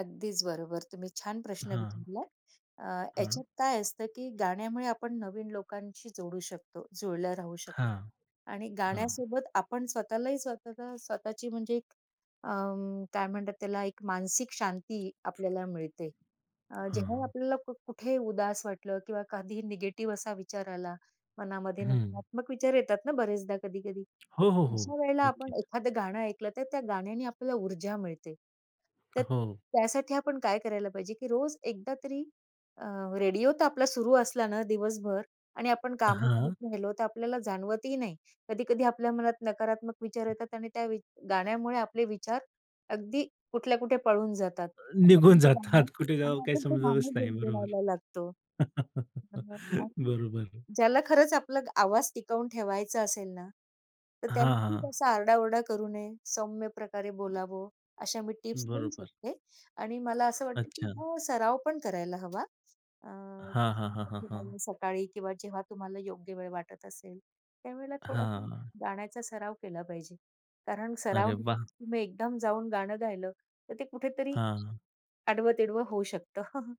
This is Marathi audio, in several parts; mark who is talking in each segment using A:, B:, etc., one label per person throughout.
A: अगदीच बरोबर. तुम्ही छान प्रश्न
B: हां.
A: विचारलात. अ,
B: हां.
A: याच्यात काय असतं की गाण्यामुळे आपण नवीन लोकांशी जोडू शकतो. जुळल्या राहू शकतो
B: हां.
A: आणि
B: हां.
A: गाण्यासोबत आपण स्वतःलाही स्वतःला स्वतःची म्हणजे एक अं, काय म्हणतात त्याला? एक मानसिक शांती आपल्याला मिळते. अ,
B: हां
A: जेव्हा
B: हां.
A: आपल्याला खूप कुठेही उदास वाटलं किंवा कधीही निगेटिव्ह असा विचार आला, मनामध्ये
B: हं.
A: नकारात्मक विचार येतात ना बरेचदा कधी-कधी.
B: हो, हो, हो
A: अशा वेळेला आपण
B: नक्कीच.
A: एखादं गाणं ऐकलं, तर त्या गाण्याने आपल्याला ऊर्जा मिळते. तर
B: हो.
A: त्यासाठी आपण काय करायला पाहिजे की रोज एकदा तरी अ, रेडिओ तर आपला सुरू असला ना दिवसभर आणि आपण काम करत
B: हां.
A: राहिलो, तर आपल्याला जाणवतही नाही कधी-कधी आपल्या मनात नकारात्मक विचार येतात आणि त्या वि गाण्यामुळे आपले विचार अगदी कुठल्या कुठे पळून जातात
B: अ,
A: आणि आपण
B: निघून
A: ते गाणं
B: जातात कुठे
A: आणि
B: जावं काही
A: आपण ते
B: समजतच
A: गाणं
B: नाही. बरोबर.
A: गुणगुणायला लागतो. अ, आणि
B: बरोबर.
A: ज्याला खरंच आपला आवाज टिकवून ठेवायचा असेल ना, तर
B: हां,
A: त्यांनी
B: हां.
A: असा आरडाओरडा करू नये. सौम्यप्रकारे बोलावं. अशा मी टिप्स देऊ
B: बरोबर.
A: शकते आणि मला असं वाटतं की
B: अच्छा.
A: हां, सराव पण करायला हवा. अ,
B: हां, हां, हां, हां,
A: कामाच्या
B: हां.
A: वेळी सकाळी किंवा जेव्हा तुम्हाला योग्य वेळ वाटत असेल त्यावेळेला थोडासा
B: हां.
A: गाण्याचा सराव केला पाहिजे, कारण सराव
B: अरे वाह!
A: तुम्ही एकदम जाऊन गाणं गायलं, तर ते कुठेतरी
B: हां.
A: आडवं-तिडवं होऊ शकतं.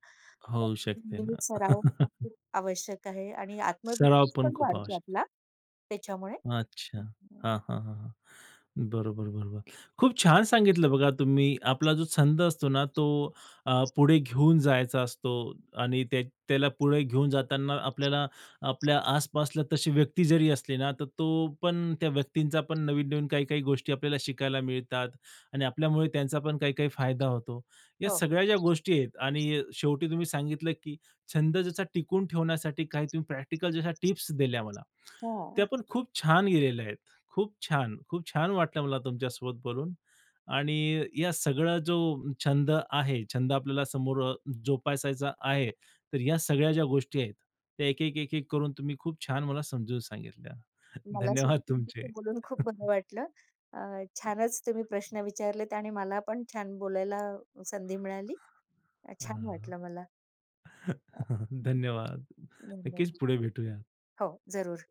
A: तर
B: होऊ
A: तुम्ही
B: शकते
A: नेहमी
B: ना.
A: सराव हा खूप आवश्यक आहे आणि
B: सराव
A: आत्मविश्वास
B: पण
A: पण
B: खूप
A: वाढतो
B: आवश्यक आहे.
A: आपला त्याच्यामुळे.
B: अच्छा.
A: [unintelligible]
B: हां, हां, हां, हां. बरोबर, बरोबर. खूप छान सांगितलं बघा तुम्ही आपला जो छंद असतो ना, तो अ, पुढे घेऊन जायचा असतो आणि त्या त्याला पुढे घेऊन जाताना आपल्याला आपल्या आसपासला तशी व्यक्ती जरी असली ना, तर तो पण त्या व्यक्तींचा पण नवीन-नवीन काही-काही गोष्टी आपल्याला शिकायला मिळतात आणि आपल्यामुळे त्यांचा पण काही-काही फायदा होतो. या
A: हो.
B: सगळ्या ज्या गोष्टी आहेत आणि शेवटी तुम्ही सांगितलं, की छंद जसा टिकून ठेवण्यासाठी काही तुम्ही प्रॅक्टिकल जसा टिप्स दिल्या मला.
A: हां.
B: त्या पण खूप छान दिलेल्या आहेत. खूप छान. खूप छान वाटलं मला तुमच्यासोबत बोलून आणि या सगळा जो छंद आहे, छंद आपल्याला समोर जोपासायचा आहे, तर ह्या सगळ्या ज्या गोष्टी आहेत त्या एक-एक, एक-एक करून तुम्ही खूप छान मला समजून सांगितल्या.
A: मला
B: धन्यवाद
A: सुद्धा तुमच्याशी
B: तुमचे.
A: बोलून खूप बरं वाटलं. अ, छानच तुम्ही प्रश्न विचारलेत आणि मला पण छान बोलायला संधी मिळाली. अ,
B: हां,
A: छान वाटलं मला.
B: हां.
A: अ,
B: धन्यवाद. नक्कीच
A: धन्यवाद.
B: पुढे भेटूया.
A: हो जरूर.